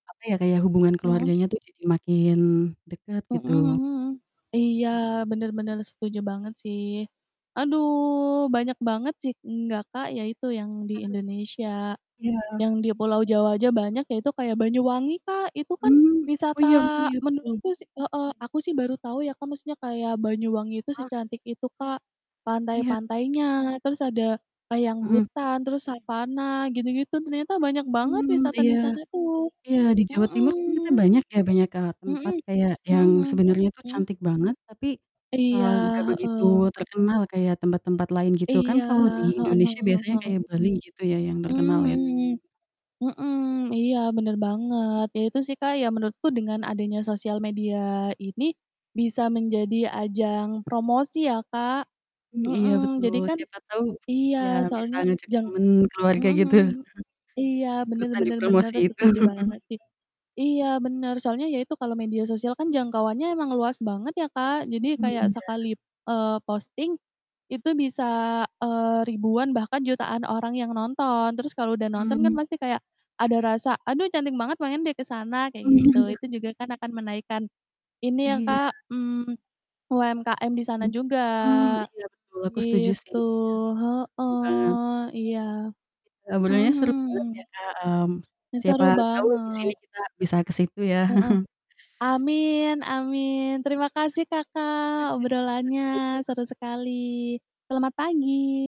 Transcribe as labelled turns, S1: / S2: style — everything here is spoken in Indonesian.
S1: Apa ya, kayak hubungan
S2: Mhm.
S1: keluarganya tuh jadi makin dekat,
S2: Mhm
S1: gitu.
S2: mhm. Iya,
S1: Mmm.
S2: bener bener, setuju banget, sih. Aduh, banyak banget sih enggak, Kak, ya itu yang di
S1: [unintelligible]
S2: Indonesia,
S1: Iya.
S2: yang di Pulau Jawa aja banyak, yaitu kayak Banyuwangi, Kak, itu kan
S1: Mmm, oh
S2: wisata
S1: iya oh iya, betul.
S2: menurutku sih heeh, aku sih baru tahu ya, Kak, maksudnya kayak Banyuwangi itu
S1: Ah.
S2: secantik itu, Kak,
S1: Iya.
S2: pantai-pantainya, terus ada, eee, yang
S1: Mhm.
S2: hutan, terus savana gitu-gitu, ternyata banyak banget
S1: Mmm,
S2: wisata
S1: iya,
S2: di sana tuh.
S1: iya, di Jawa Timur ternyata
S2: Mhm.
S1: banyak ya, banyak, eee, tempat
S2: Mhm,
S1: kayak
S2: mhm
S1: yang sebenernya
S2: mhm,
S1: tuh
S2: mhm?
S1: cantik banget, tapi,
S2: Iya,
S1: eee, gak begitu
S2: heeh.
S1: terkenal kayak tempat-tempat lain, gitu. Kan
S2: Iya,
S1: kalau di
S2: heeh
S1: Indonesia biasanya
S2: heeh.
S1: kayak Bali gitu ya, yang terkenal,
S2: Mmm
S1: ya.
S2: mhm, mhm, iya, bener banget, ya itu sih, Kak, ya menurutku dengan adanya sosial media ini, bisa menjadi ajang
S1: M
S2: promosi ya, Kak.
S1: Mmm, iya,
S2: Heeh,
S1: betul,
S2: jadi kan
S1: siapa tau
S2: iya,
S1: ya bisa
S2: soalnya
S1: ngajak
S2: jang
S1: temen
S2: mhm
S1: keluarga
S2: mhm
S1: gitu.
S2: mhm, iya, bener
S1: Ikutan di
S2: bener bener,
S1: promosi itu.
S2: setuju banget, sih. Iya, bener, soalnya ya itu kalau media sosial kan jangkauannya emang luas banget ya, Kak, jadi
S1: Mhm,
S2: kayak,
S1: iya.
S2: sekali, eee, posting itu bisa, eee, ribuan, bahkan jutaan orang yang nonton, terus kalau udah nonton kan
S1: Mmm.
S2: pasti kayak ada rasa, "Aduh, cantik banget, pengen deh ke sana," kayak
S1: Mmm.
S2: gitu, itu juga kan akan menaikkan ini ya,
S1: Iya.
S2: Kak, mmm, UMKM di sana
S1: Hmm.
S2: juga
S1: Mmm, iya, betul. Aku setuju sih,
S2: gitu,
S1: ya, setuju banget.
S2: heeh, iya, mhm
S1: Sebenernya seru
S2: mhm.
S1: banget ya, Kak, mmm,
S2: Ih,
S1: siapa
S2: seru
S1: tahu abis
S2: banget.
S1: ini kita bisa ke situ, ya.
S2: Heeh, amin, amin, terima kasih
S1: Iya,
S2: Kakak
S1: sampai
S2: obrolannya,
S1: jumpa.
S2: seru sekali, selamat pagi.